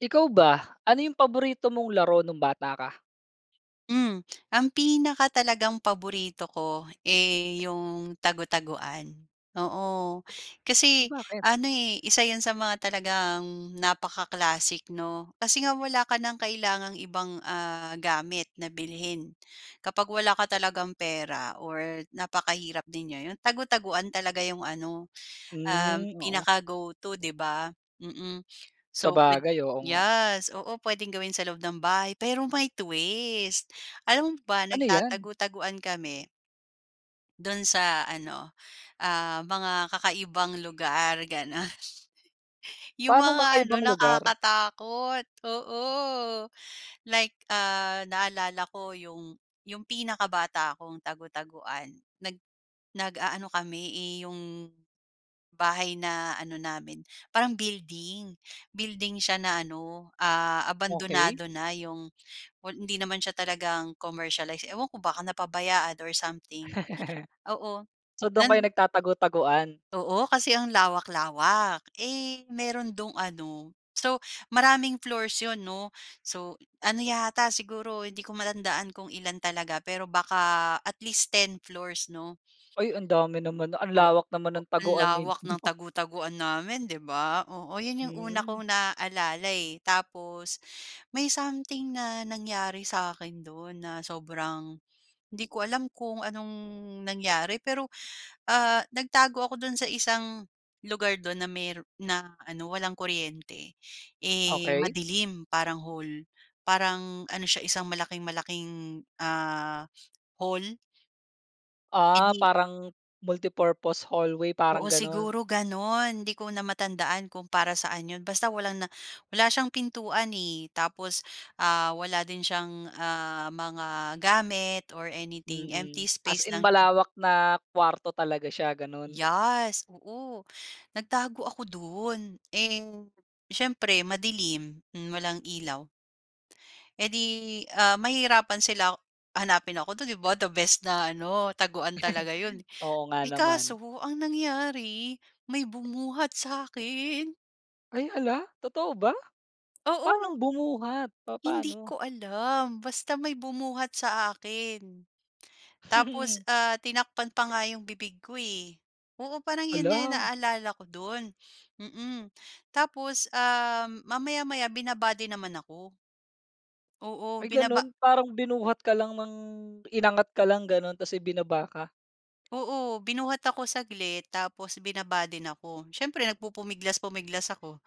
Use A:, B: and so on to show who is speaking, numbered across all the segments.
A: Ikaw ba ano yung paborito mong laro nung bata ka?
B: Hmm, ang pinaka talagang paborito ko eh, yung tago-taguan, oo. Kasi
A: Bakit?
B: ano eh, isa yun sa mga talagang napaka-classic 'no, kasi nga wala ka ng kailangang ibang ah, gamit na bilhin. Kapag wala ka talagang pera or napakahirap din niyo, yun tago-taguan talaga yung ano um
A: Hmm, oo.
B: pinaka-go to 'di ba? Mm. So pwed
A: Sabagay, oo nga.
B: yes, oo puwedeng gawin sa loob ng bahay pero may twist. Alam mo ba
A: Ano 'yan?
B: nagtatago-taguan kami Dun sa ano ah, mga kakaibang lugar gano'n. Yung
A: Paanong
B: mga ano
A: kakaibang lugar?
B: nakakatakot, oo. Like ah, naalala ko yung yung pinakabata akong tago-taguan, nag nag-aano kami, eh, yung bahay na ano namin parang building, building siya na ano ah,
A: Okey.
B: abandonado na yung, well, hindi naman siya talagang commercialize, ewan ko baka napabayaan or something. Oo
A: So dun kayo
B: nan.
A: nagtatago-taguan.
B: Oo kasi ang lawak-lawak. Eh, meron do'ng ano, so, maraming floors 'yon, 'no. So, ano yata siguro hindi ko matandaan kung ilan talaga pero baka at least ten floors, 'no.
A: Ay, ang dami naman. Ang
B: Oo,
A: lawak naman ng
B: ang
A: taguan
B: lawak ng
A: ninyo.
B: tago-taguan namin, 'di ba? Oo yun yung una
A: Mm.
B: kong naaalala eh. Tapos may something na nangyari sa akin dun na sobrang hindi ko alam kung anong nangyari. Pero ah, nagtago ako dun sa isang lugar dun na mayro'n na ano walang kuryente, eh,
A: Okey.
B: madilim parang hole parang ano siya isang malaking-malaking ah, hole. Eh
A: Ah
B: di
A: parang multi-purpose hallway parang
B: Oo,
A: gano'n.
B: siguro gano'n. 'Di ko na matandaan kung para saan 'yon basta walang na wala siyang pintuan eh, tapos ah wala din siyang ah mga gamit or anything, empty
A: Mm, as
B: space
A: in
B: lang siya.
A: malawak na kuwarto talaga siya gano'n?
B: Yes, oo nagtago ako doon. Eh, siyempre madilim, hmm, walang ilaw. Eh di ah mahihirapan sila hanapin ako do'n, 'di ba, the best na ano taguan talaga 'yon.
A: Oo nga
B: Eh, kaso
A: naman.
B: ang nangyari, may bumuhat sa akin.
A: Ay, hala! Totoo ba? Paanong
B: Oo.
A: bumuhat,
B: Hindi
A: papaano?
B: ko alam basta may bumuhat sa akin. Tapos ah tinakpan pa nga yung bibig ko eh. Oo parang 'yon nga
A: Hala!
B: naalala ko do'n, mm. Tapos um, mamaya-maya binaba din naman ako. Oo,
A: Ay,
B: binaba
A: gano'n parang binuhat ka lang ng inangat ka lang gano'n tapos eh, ibinaba ka?
B: Oo, binuhat ako saglit tapos binaba din ako. Siyempre nagpupumiglas-pumiglas ako,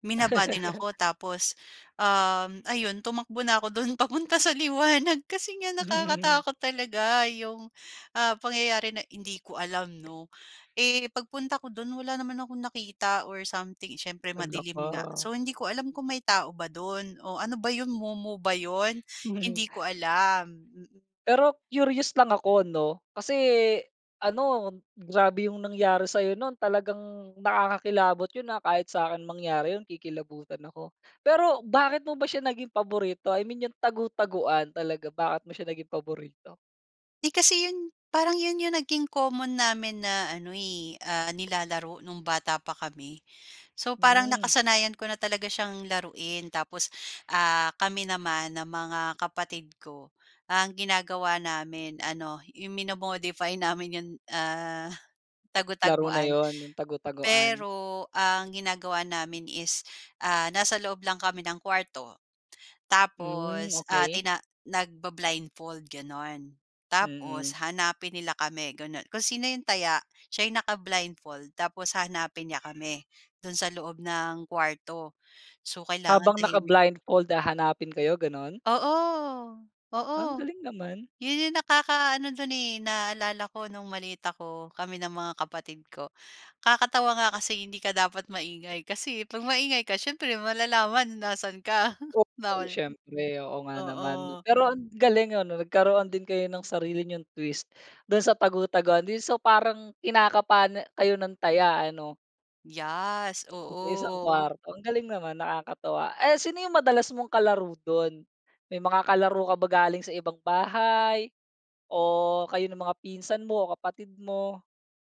B: binaba din ako. Tapos, uhm, ayun tumakbo na ako do'n papunta sa liwanag kasi nga nakakatakot talaga 'yong ah, pangyayari na hindi ko alam 'no. Eh, pagpunta ko do'n wala naman akong nakita or something, siyempre
A: Halla
B: madilim nga.
A: ka!
B: So, hindi ko alam kung may tao ba do'n o ano ba 'yon mumu ba 'yon? Hindi ko alam. Mm.
A: Pero curious lang ako 'no. Kasi, ano, grabe yung nangyari sa'yo nun, talagang nakakakilabot yun ah, kahit s'kin mangyari yun kikilabutan ako. Pero bakit mo ba siya naging paborito? I mean yung tagu-taguan, talaga bakit mo siya naging paborito?
B: 'Di kasi 'yon parang 'yon 'yong naging common namin na ano eh, ah, nilalaro no'ng bata pa kami. So, parang
A: Hmm.
B: nakasanayan ko na talaga siyang laruin. Tapos ah, kami naman ng mga kapatid ko, ang ginagawa namin ano, 'yong mino-modify namin 'yong ah,
A: Laro na
B: tagu-taguan.
A: yun, yung tagu-taguan.
B: Pero ang ginagawa namin is ah, nasa loob lang kami ng kuwarto.
A: Hmm,
B: Tapos ah,
A: okey.
B: tina nagba-blindfold gano'n. Tapos
A: Mm.
B: hanapin nila kami gano'n. Kung sino 'yong taya siya'y naka-blindfold. Tapos hahanapin niya kami do'n sa loob ng kuwarto. So kailangan
A: Habang naka
B: tahimik.
A: blindfold, hahanapin kayo gano'n?
B: Oo, oo.
A: Ang galing naman!
B: 'Yon 'yong nakaka-ano do'n eh, naaalala ko no'ng maliit ako, kami ng mga kapatid ko. Kakatawa nga kasi hindi ka dapat maingay, kasi 'pag maingay ka siyempre malalaman nasan ka,
A: Okey
B: bawal
A: siyempre, oo nga naman.
B: oo.
A: Pero ang galing ano, nagkaroon din kayo ng sarili nyong twist do'n sa tagu-taguan, 'di so parang kinakapa na kayo ng taya, ano?
B: Yes.
A: Sa isang
B: Oo.
A: kuwarto ang galing naman nakakatuwa. Eh, sino yung madalas mong kalaro do'n? May mga kalaro ka ba galing sa ibang bahay, o kayo ng mga pinsan mo o kapatid mo?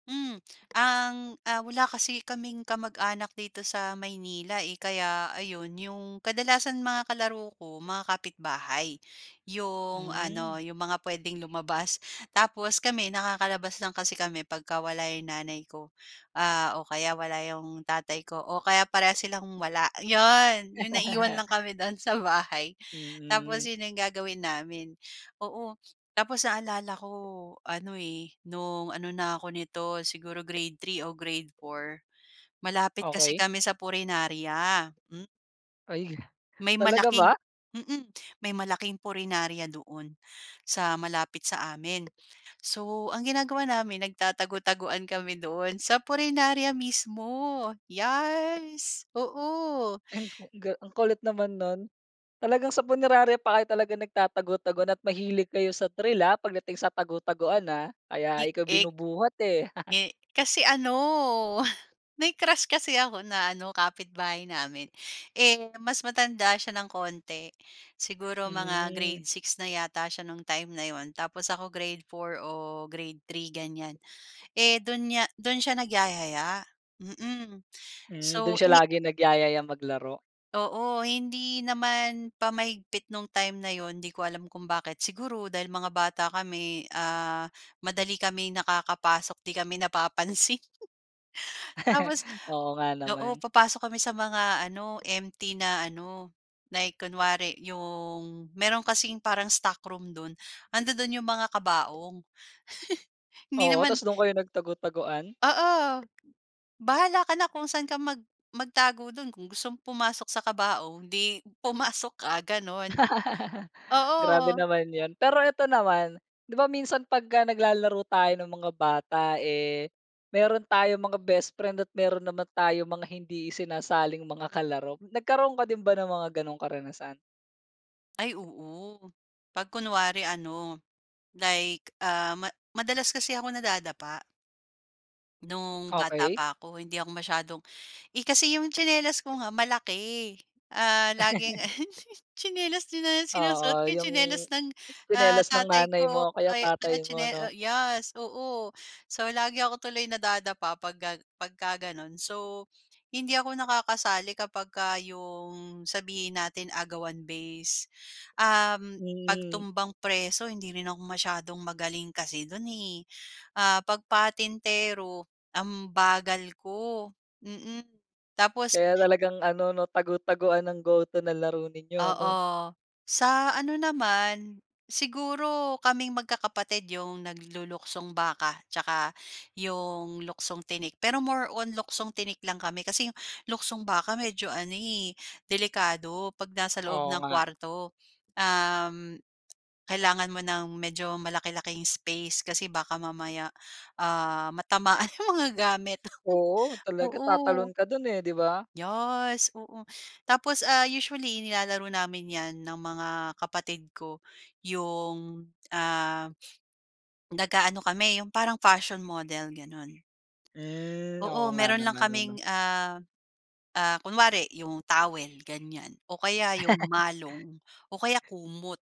B: Hmm, ang, ah, wala kasi kaming kamag-anak dito sa Maynila, eh, kaya ayon 'yong kadalasan mga kalaro ko mga kapitbahay yung
A: Mm.
B: ano 'yong mga puwedeng lumabas. Tapos kami nakakalabas lang kasi kami pagka wala 'yong nanay ko, ah, o kaya wala 'yong tatay ko o kaya parehas silang wala. 'Yon yung naiwan lang kami do'n sa bahay
A: Mm.
B: tapos 'yon yung gagawin namin. Oo, tapos naalala ko ano, eh, no'ng ano na ako neto siguro Grade 3 o Grade 4 malapit kasi
A: Okey.
B: kami sa punerarya. Hmm.
A: Ay,
B: May
A: talaga ba?
B: malaking mm, may malaking punerarya doon sa malapit sa amin. So ang ginagawa namin nagtatagutaguan kami do'n sa punerarya mismo, yes oo.
A: Ay, ang ga ang kulit naman no'n. Talagang sa Punerarya pa kayo talaga nagtatagutaguan at mahilig kayo sa, trill ah, pagdating sa tagutaguan ah,
B: I
A: kaya ikaw
B: ek
A: binubuhat eh.
B: eh, kasi ano, may crush kasi ako na ano kapitbahay namin eh, mas matanda siya ng konti siguro mga Grade
A: Mm.
B: 6 na yata siya no'ng time na 'yon tapos ako Grade 4 o Grade 3 ganyan, eh, do'n niya do'n siya nagyaya, mm,
A: Mm, dun
B: so
A: siya
B: ini
A: lagi nagyaya maglaro.
B: Oo, hindi naman pa mahigpit nung time na 'yon, 'di ko alam kung bakit. Siguro, dahil mga bata kami ah, madali kaming nakakapasok, 'di kami napapansin. Tapos,
A: Oo nga
B: oo,
A: naman.
B: papasok kami sa mga ano, empty na ano, like kunwari 'yong meron kasing parang stock room do'n, 'andodun 'yong mga kabaong. Hindi
A: Oo,
B: naman.
A: 'tas dun kayo nag tago-taguan?
B: Oo, bahala ka na kung saan ka mag magtago do'n kung gustong pumasok sa kabaong, 'di pumasok ka gano'n.
A: Grabe
B: Oo.
A: naman 'yan. Pero ito naman, 'di ba, minsan 'pag naglalaro tayo ng mga bata eh, meron tayong mga bestfriend at meron naman tayong mga hindi isinasaling mga kalaro, nagkaroon ka din ba ng mga ganong karanasan?
B: Ay oo, 'pag kunwari ano, like, ah, ma madalas kasi ako nadadapa. No'ng bata
A: Okey.
B: pa ako hindi ako masyadong, eh, kasi 'yong tsinelas ko nga malaki. Ah, laging tsinelas na sinusot ko
A: Oo
B: yung
A: yung,
B: tsinelas ng ah,
A: tsinelas ng
B: tatay
A: nanay
B: ko o
A: mo o kaya
B: kay,
A: tatay mo,
B: tsine
A: 'no.
B: yes, oo. So, lagi ako tuloy nadadapa pagka pagka gano'n. So, hindi ako nakakasali kapag ka 'yong sabihin natin agawan base, uhm, 'pag
A: Mm.
B: tumbang preso, hindi rin ako masyadong magaling kasi do'n eh. Ah, pag patintero ang bagal ko, mm. Tapos.
A: Kaya talagang ano, 'no, tago taguan ng go-to na laro ninyo, ano?
B: Oo. Sa ano naman, siguro kaming magkakapatid 'yong nagluluksong baka, 'tsaka 'yong luksong tinik. Pero more on luksong tinik lang kami, kasi 'yong luksong baka medyo ano eh, delikado 'pag nasa loob
A: Oo
B: ng
A: nga.
B: kuwarto. Uhm, kailangan mo ng medyo malaki-laking space kasi baka mamaya ah, matamaan yung mga gamit,
A: Oo, talaga tatalon
B: oo.
A: ka dun, eh, 'di ba?
B: Yes, oo. Tapos ah, usually nilalaro namin 'yan ng mga kapatid ko, 'yong ah, nag-aano kami 'yong parang fashion model, gano'n.
A: Hmm.
B: Oo,
A: Oo nga
B: meron lang
A: naman, ano.
B: kaming ah, ah, kunwari 'yong towel ganyan, o kaya 'yong malong o kaya kumot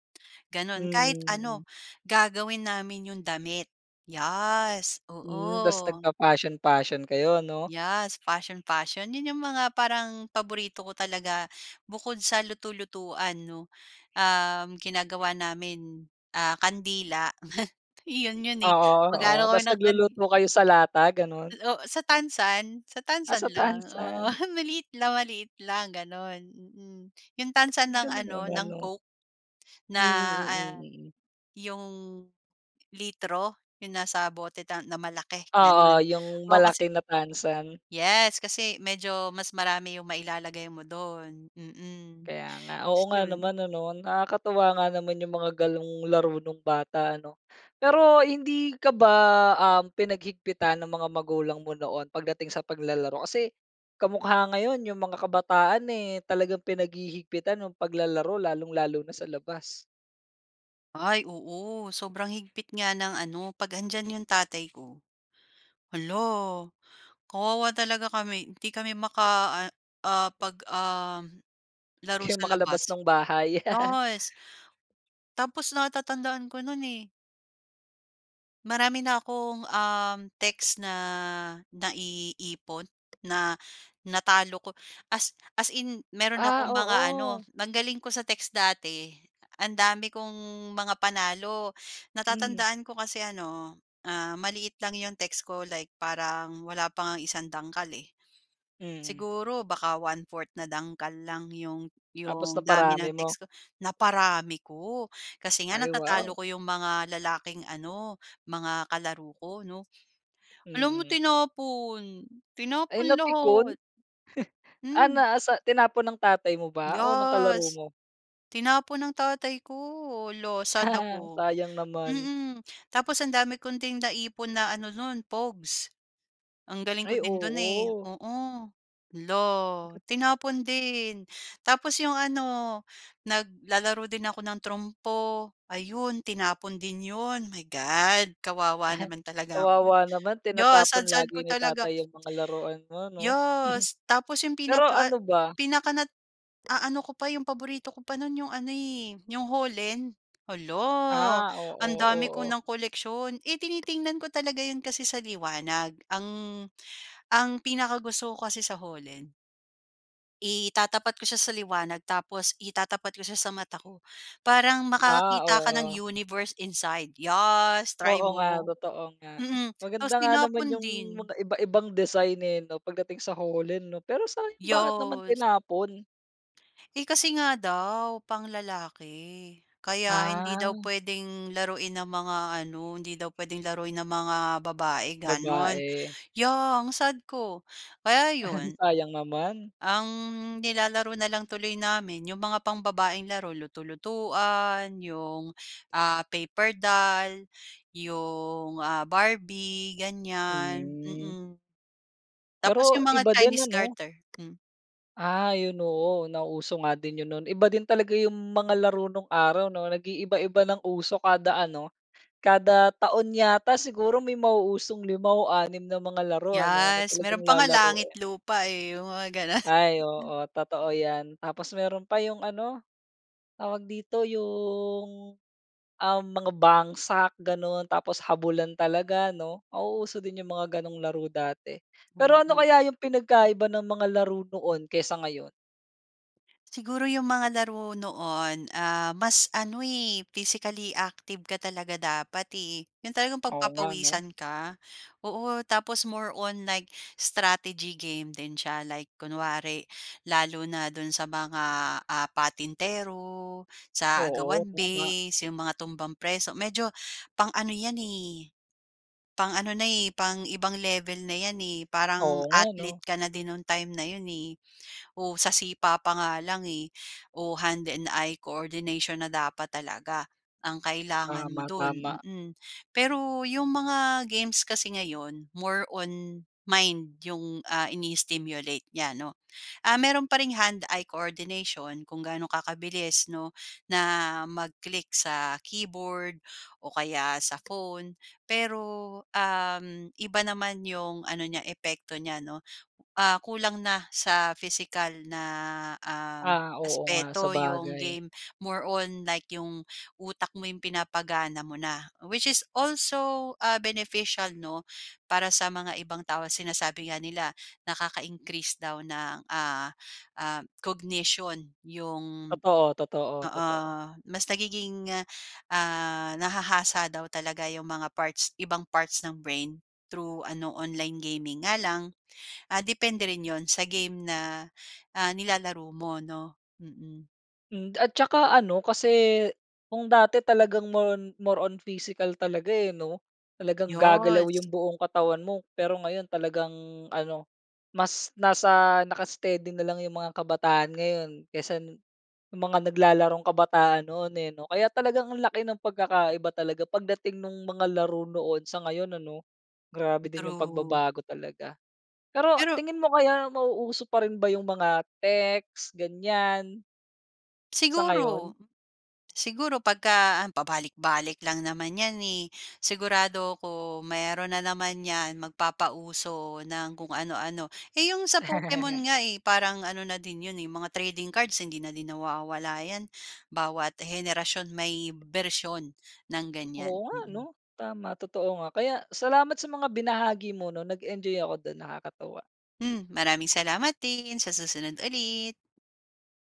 B: gano'n. Kahit
A: Mm,
B: ano,
A: mm.
B: gagawin namin 'yong damit. Yes,
A: Hmm, 'tas
B: oo.
A: nagfa-fashion fashion kayo, ano?
B: Yes, fashion fashion. 'Yon 'yong mga parang paborito ko talaga bukod sa luto-lutuan, 'no. Um, ginagawa namin, ah, kandila 'yon 'yon eh,
A: Oo, oo.
B: mag-aano kami
A: 'Tas
B: ng kan.
A: nagluluto kayo sa lata, ganun?
B: O sa tansan, sa
A: Ah,
B: tansan
A: sa
B: lang. Oo,
A: tansan.
B: maliit lang maliit lang gano'n, mm. 'Yong tansan ng
A: Galing
B: ano,
A: naman,
B: ng
A: 'no.
B: Coke na
A: Mm. Mm,
B: ah,
A: mm.
B: 'yong litro 'yong nasa bote na malaki
A: Oo,
B: gano'n.
A: yung
B: Oo kasi,
A: malaki na tasan.
B: yes kasi medyo mas marami 'yong mailalagay mo do'n, mm.
A: Kaya nga.
B: Tapos
A: Oo nga
B: yun.
A: naman ano, nakakatuwa nga naman yung mga ganong laro nung bata ano. Pero hindi ka ba ah pinaghigpitan ng mga magulang mo noon pagdating sa paglalaro? Kasi kamukha ngayon yung mga kabataan eh, talagang pinaghihigpitan yung paglalaro lalong-lalo na sa labas.
B: Ay, oo, sobrang higpit nga ng ano, 'pag 'andiyan 'yong tatay ko. Hala, kawawa talaga kami. 'Di kami maka, ah ah, 'pag, um, laro
A: Kayo
B: sa
A: makalabas
B: labas.
A: ng bahay
B: Yes. Tapos, natatandaan ko no'n, eh. Marami na 'kong, um, text na naiipon na natalo ko, as as in meron akong
A: Ah,
B: mga ano
A: oo.
B: ang galing ko sa text dati. Ang dami kong mga panalo.
A: Hmm.
B: Natatandaan ko kasi ano, ah, maliit lang yung text ko, like parang wala pa ngang isang dangkal, eh.
A: Hmm.
B: Siguro baka 1/4 na dangkal lang yung
A: Tapos,
B: yung dami
A: naparami
B: ng
A: mo.
B: text ko. Naparami ko, kasi nga
A: Ay,
B: natatalo
A: wow.
B: ko yung mga lalaking ano, mga kalaro ko, 'no? Alam mo
A: Mm.
B: tinapon
A: Ay
B: tinapon
A: napikon?
B: lahat.
A: Ah,
B: Hmm.
A: na a sa tinapon ng tatay mo ba o ng kalaro
B: Yes.
A: mo?
B: Tinapon ng tatay ko. Hala, sad ako.
A: Sayang naman.
B: Mm. Tapos ang dami kong din naipon na ano no'n, pogs. Ang galing ko
A: Ay
B: din dun, eh,
A: oo.
B: oo. Hala,
A: Ge
B: tinapon din. Tapos yung ano, naglalaro din ako ng trompo, ayun, tinapon din yun. My God! Kawawa naman talaga ak hmm.
A: Kawawa naman
B: Yeah,
A: tinatapon
B: sad sad
A: lagi
B: ko
A: ni
B: talaga.
A: tatay 'yong mga laruan mo, 'no?
B: Yes, tapos yung
A: Pero
B: pinaka at
A: ano ba?
B: pinaka nat aano ko pa yung paborito ko pa no'n, yung ano, eh, yung holen. Hala,
A: Ah, oo,
B: ang dami ko
A: oo.
B: ng koleksiyon. Eh tinitingnan ko talaga 'yon kasi sa liwanag. Ang ang pinakagusto ko kasi sa holen. Itatapat ko siya sa liwanag, tapos itatapat ko siya sa mata ko. Parang
A: Ah
B: makakakita ka ng
A: oo.
B: universe inside. Yas try
A: Oo nga,
B: mo.
A: totoo nga.
B: Mm, tapos
A: Maganda nga naman
B: tinapon
A: yung
B: din.
A: mga iba-ibang design eh 'no, pagdating sa holen 'no, pero sayang bakit naman
B: Yows.
A: tinapon?
B: Eh, kasi nga daw, pang lalaki. Kaya hindi daw
A: Ah.
B: puwedeng laruin ng mga ano, hindi daw puwedeng laruin ng mga babae gano'n.
A: Babae.
B: Ya, ang sad ko. Kaya yun.
A: Sayang naman.
B: Ang nilalaro na lang tuloy namin 'yong mga pambabaeng laro, luto-lutuan, 'yong ah, paper doll, 'yong ah Barbie ganyan,
A: Hmm.
B: mm. Tapos
A: Pero
B: yung mga
A: iba din
B: Chinese
A: ano?
B: garter, hmm.
A: Ah 'yon oo nauso nga din 'yon no'n. Iba din talaga 'yong mga laro nong araw 'no, nag-iiba-iba ng uso kada ano, kada taon yata siguro may mauusong 5 o 6 na mga laro ano na
B: Yes,
A: talagang
B: meron pa nga langit
A: lalaruin.
B: lupa eh, 'yong mga gano'n.
A: Ay oo totoo 'yan, tapos meron pa 'yong ano, tawag dito? Yung uhm, mga bangsak gano'n, tapos habulan talaga 'no. Nauuso din yung mga gano'ng laro dati. Pero ano
B: Mm.
A: kaya yung pinagkaiba ng mga laro noon kaysa ngayon?
B: Siguro yung mga laro noon, ah, mas ano, eh, physically active ka talaga dapat, eh. Yung talagang
A: Oo nga, 'no?
B: pagpapawisan ka, oo. Tapos, more on like strategy game din siya. Like kunwari lalo na do'n sa mga, ah, patintero, sa
A: Oo,
B: agawan
A: tama.
B: base, yung mga tumbang preso. Medyo, pang-ano 'yan, eh, pang-ano na, eh, pang ibang level na 'yan eh.
A: Oo
B: Parang,
A: nga, 'no?
B: athlete ka na din nong time na 'yon, eh. O, sa sipa pa nga lang eh, o, hand and eye coordination na dapat talaga, ang kailangan mo
A: Tama,
B: do'n,
A: tama.
B: mm. Pero, yung mga games kasi ngayon, more on mind yung, ah, ini-stimulate niya 'no. Ah, meron pa ring hand-eye coordination kung gaano kakabilis 'no, na mag-click sa keyboard o kaya sa phone. Pero, uhm, iba naman yung ano niya epekto niya, 'no? Ah, kulang na sa physical na, um,
A: Ah, oo nga!
B: aspeto yung
A: Sabagay.
B: game. More on like yung utak mo yung pinapagana mo na. Which is also, ah, beneficial, 'no. Para sa mga ibang tao, sinasabi nga nila nakaka-increase daw ng, ah ah, cognition yung
A: Totoo, totoo,
B: oo,
A: totoo.
B: mas nagiging, ah, nahahasa daw talaga yung mga parts ibang parts ng brain through ano, online gaming. Nga lang, ah, depende rin yun sa game na, ah, nilalaro mo 'no? Mm.
A: Hmm, at tsaka ano, kasi, kung dati talagang, more on more on physical talaga, eh, 'no? Talagang gagalaw
B: Yes.
A: yung buong katawan mo. Pero, ngayon talagang ano, mas nasa naka-steady na lang yung mga kabataan ngayon, kaysa nung mga naglalarong kabataan noon, eh, 'no? Kaya talagang ang laki ng pagkakaiba talaga, pagdating nung mga laro noon sa ngayon, ano? Grabe din yung
B: True.
A: pagbabago talaga. Pero
B: Pero
A: tingin mo, kaya mauuso pa rin ba yung mga text, ganyan? Sa ngayon?
B: Siguro siguro, 'pagka an pabalik-balik lang naman 'yan eh. Sigurado ako mayroon na naman 'yan, magpapauso ng kung anu-ano. Yung sa Pokemon nga eh, parang ano na din 'yon eh, mga trading cards, hindi na din nawawala 'yan, bawat henerasyon may bersiyon ng ganyan.
A: Oo nga ano!
B: Mm.
A: Tama, totoo nga. Kaya, salamat sa mga binahagi mo 'no? Nag enjoy ako dun, nakakatuwa.
B: Hmm, maraming salamat din! Sa susunod ulit.